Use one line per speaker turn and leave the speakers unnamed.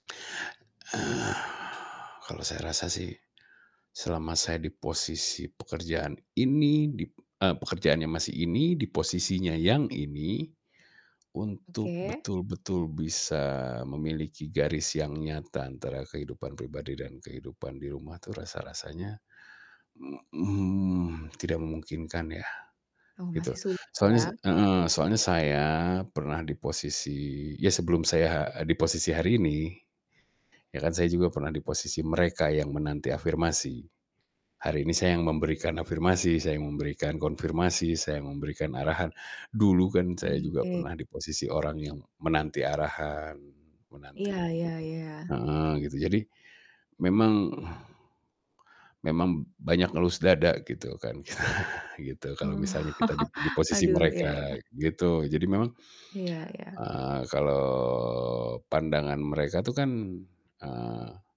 Kalau saya rasa sih, selama saya di posisi pekerjaan ini, di e pekerjaannya masih ini, di posisinya yang ini, untuk
Oke.
betul-betul bisa memiliki garis yang nyata antara kehidupan pribadi dan kehidupan di rumah itu rasa-rasanya, mmm mmm, tidak memungkinkan, ya,
Oh,
gitu.
masih sulit,
Soalnya sa
ya?
heeh, soalnya saya pernah di posisi ya, sebelum saya ha di posisi hari ini, ya, kan saya juga pernah di posisi mereka yang menanti afirmasi. Hari ini saya yang memberikan afirmasi, saya yang memberikan konfirmasi, saya yang memberikan arahan. Dulu kan saya
Mmm,
juga
oke.
pernah di posisi orang yang menanti arahan,
Iya
menanti
iya iya.
heeh, gitu. Jadi memang memang banyak ngelus dada, gitu kan. Gitu, kalau
Oh.
misalnya kita di di posisi
Aduh, iya
mereka,
iya.
gitu. Jadi memang,
Iya iya.
eee, kalau pandangan mereka tuh kan, eee